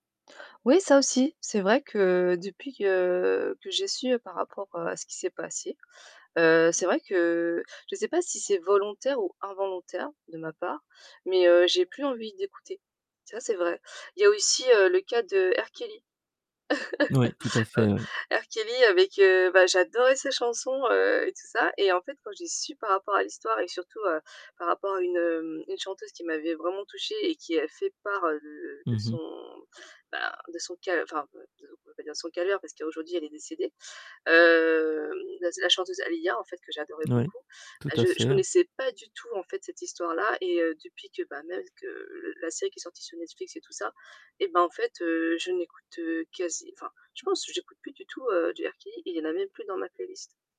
Oui, ça aussi. C'est vrai que depuis que que j'ai su par rapport, heu, à ce qui s'est passé, heu, c'est vrai que je sais pas si c'est volontaire ou involontaire de ma part, mais, heu, j'ai plus envie d'écouter. Ça, c'est vrai. Il y a aussi, heu, le cas de R Kelly. Moui, tout à Heu, fait, oui. R Kelly avec heu, bah, j'adorais ses chansons, heu, et tout ça. Et en fait, quand j'ai su par rapport à l'histoire, et que surtout, heu, par rapport à une, hem une chanteuse qui m'avait vraiment touchée et qui avait fait part, heu, de Mmh de mh. son bah, de son cal enfin, pas de on va pas dire de son calvaire parce qu'aujourd'hui elle est décédée. Hem, la z la chanteuse Aaliyah en fait que j'adorais Moui. beaucoup. Tout Bah, à je je fait, hein. connaissais pas du tout en fait cette histoire-là et heu, depuis que, bah, [unintelligible] que, le la série qui est sortie sur Netflix et tout ça, et ben en fait, heu, je n'écoute, heu, quasi enfin je pense que j'écoute plus du tout, heu, du R Kelly. Et il y en a même plus dans ma playlist.